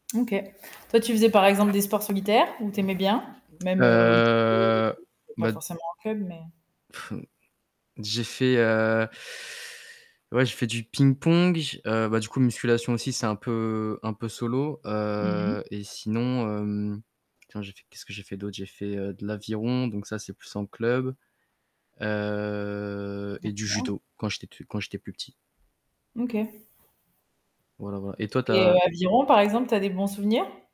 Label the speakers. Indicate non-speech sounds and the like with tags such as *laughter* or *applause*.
Speaker 1: OK. Toi, tu faisais par exemple des sports solitaires ou tu aimais bien? Même, heu, au lycée,
Speaker 2: Heu,
Speaker 1: pas
Speaker 2: bah d
Speaker 1: forcément en club, mais
Speaker 2: *blows air* J'ai fait, heu ouais, j'ai fait du ping-pong, j heu, bah, du coup, musculation aussi, c'est un peu un peu solo.
Speaker 1: Mmh mh.
Speaker 2: Heu, et sinon, hem, tiens j'ai fait qu'est-ce que j'ai fait d'autre? J'ai fait, heu, de l'aviron, donc ça, c'est plus en club, heu, et du
Speaker 1: D'accord.
Speaker 2: judo quand j'étais tu quand j'étais plus petit.
Speaker 1: OK.
Speaker 2: Voilà, voilà. Et toi, tu
Speaker 1: Et, heu,
Speaker 2: as
Speaker 1: aviron, par exemple, tu as des bons souvenirs?